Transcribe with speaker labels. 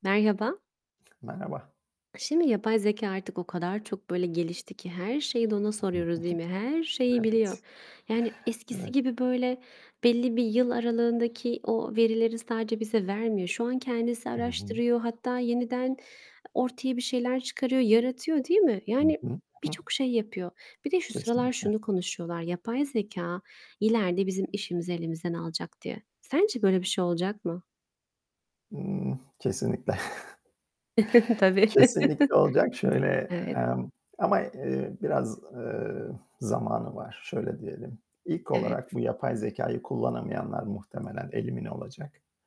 Speaker 1: Merhaba.
Speaker 2: Merhaba.
Speaker 1: K şimdi yapay zekâ, artık o kadar çok, böyle, gelişti ki her şeyi de ona soruyoruz, değil mi? Her şeyi biliyor,
Speaker 2: Evet.
Speaker 1: yani, eskisi
Speaker 2: Evet.
Speaker 1: gibi böyle belli bir yıl aralığındaki o verileri sadece bize vermiyor. Şu an kendisi
Speaker 2: I hı.
Speaker 1: araştırıyor, hatta yeniden ortaya bir şeyler çıkarıyor, yaratıyor, değil mi?
Speaker 2: Hı
Speaker 1: Yani,
Speaker 2: hı. Hıh.
Speaker 1: birçok şey yapıyor. Bir de şu sıralar
Speaker 2: Kesinlikle.
Speaker 1: şunu konuşuyorlar, yapay zekâ ileride bizim işimizi elimizden alacak diye. Sence böyle bir şey olacak mı?
Speaker 2: Imm, kesinlikle.
Speaker 1: Tabii.
Speaker 2: Kesinlikle olacak. Şöyle,
Speaker 1: Evet.
Speaker 2: emm, ama, eee, biraz, ııı, zamanı var. Şöyle diyelim, ilk
Speaker 1: Evet.
Speaker 2: olarak bu yapay zekâyı kullanamayanlar muhtemelen elimine olacak.